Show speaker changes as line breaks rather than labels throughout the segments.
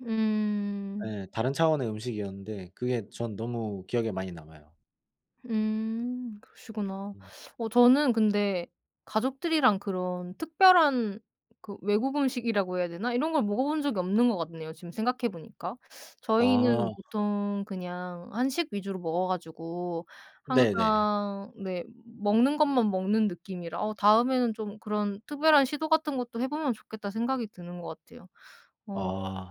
음.
예. 다른 차원의 음식이었는데 그게 전 너무 기억에 많이 남아요.
음. 그러시구나.
음.
어 저는 근데 가족들이랑 그런 특별한 그 외국 음식이라고 해야 되나 이런 걸 먹어본 적이 없는 거 같네요 지금 생각해 보니까.
아.
저희는 보통 그냥 한식 위주로 먹어 가지고
네네.
항상 네 음 먹는 것만 먹는 느낌이라 어 '다음에는 좀 그런 특별한 시도 같은 것도 해 보면 좋겠다.' 생각이 드는 것 같아요. 어.
아.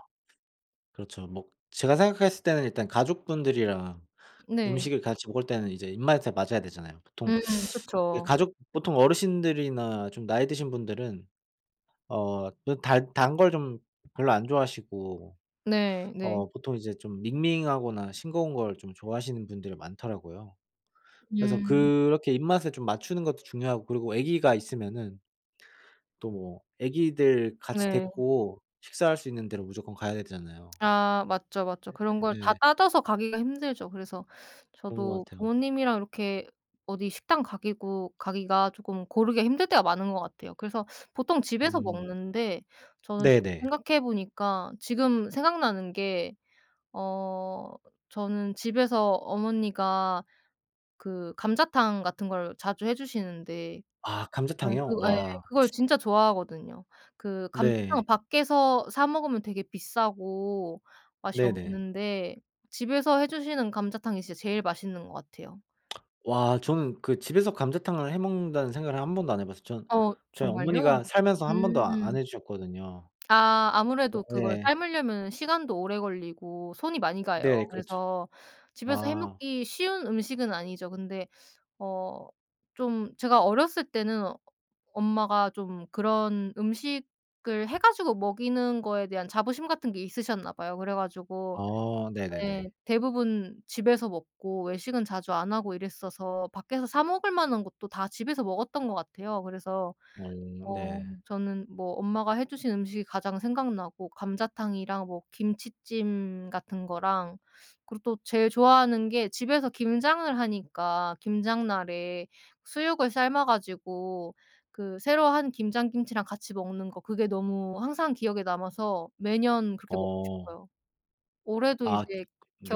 그렇죠. 먹 제가 생각했을 때는 일단 가족분들이랑
네.
음식을 같이 먹을 때는 이제 입맛에 맞아야 되잖아요. 보통
음
예
그쵸.
가족 보통 어르신들이나 좀 나이 드신 분들은 어 그 단 단 걸 좀 별로 안 좋아하시고
네. 네.
어 보통 이제 좀 밍밍하거나 싱거운 거를 좀 좋아하시는 분들이 많더라고요. 그래서
음.
그렇게 입맛에 좀 맞추는 것도 중요하고 그리고 아기가 있으면은 또 뭐 아기들 같이
네.
데리고 식사할 수 있는 데로 무조건 가야 되잖아요.
아. 맞죠, 맞죠. 그런 걸 다
예.
따져서 가기가 힘들죠. 그래서
그런
저도
것 같이요.
부모님이랑 이렇게 어디 식당 가기고 가기가 쪼끔 고르기가 힘들 때가 많은 것 같아요. 그래서 보통 집에서
음.
먹는데 저는
네네.
생각해 보니까 지금 생각나는 게 어 저는 집에서 어머니가 그 감자탕 같은 걸 자주 해 주시는데
아
저는
감자탕이요?
그거 예
와.
그걸 진짜 좋아하거든요. 그
네.
감자탕은 밖에서 사 먹으면 되게 비싸고 맛이
네네.
없는데 집에서 해 주시는 감자탕이 진짜 제일 맛있는 것 같아요.
와. 저는 그 집에서 감자탕을 해 먹는다는 생각을 1 번도 안 해 봤어요. 저는
어.
저희
정말요?
어머니가 살면서 1 번도 아 안
음.
해 주셨거든요.
아.
어
아무래도 그걸
예.
삶으려면은 시간도 오래 걸리고 손이 많이 가요.
네 그렇죠.
그래서 집에서 해
아.
먹기 쉬운 음식은 아니죠. 근데 어 좀 제가 어렸을 때는 엄마가 좀 그런 음식을 해 가지고 먹이는 거에 대한 자부심 같은 게 있으셨나 봐요. 그래 가지고
어.
네
네네네.
대부분 집에서 먹고 외식은 자주 안 하고 이랬어서 밖에서 사 먹을 만한 것도 다 집에서 먹었던 것 같아요. 그래서
어
어
네.
저는 뭐 엄마가 해 주신 음식이 가장 생각나고 감자탕이랑 뭐 김치찜 같은 거랑 그리고 또 제일 좋아하는 게 집에서 김장을 하니까 김장 날에 수육을 삶아 가지고 그 새로 한 김장 김치랑 같이 먹는 거 그게 너무 항상 기억에 남아서 매년 그렇게 먹고
어.
싶어요. 올해도
아. [unintelligible]
이제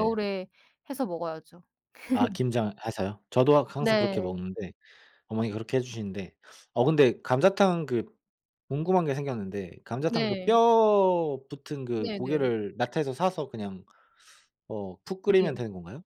네.
해서 먹어야죠.
아 김장을 해서요? 저도 악 항상 그렇게
네.
먹는데 어머니가 그렇게 해 주시는데 어 근데 감자탕 그 궁금한 게 생겼는데 감자탕 그
네.
뼈 붙은 그
네네.
고기를 마트에서 사서 그냥 어 푹 끓이면
네.
되는 건가요?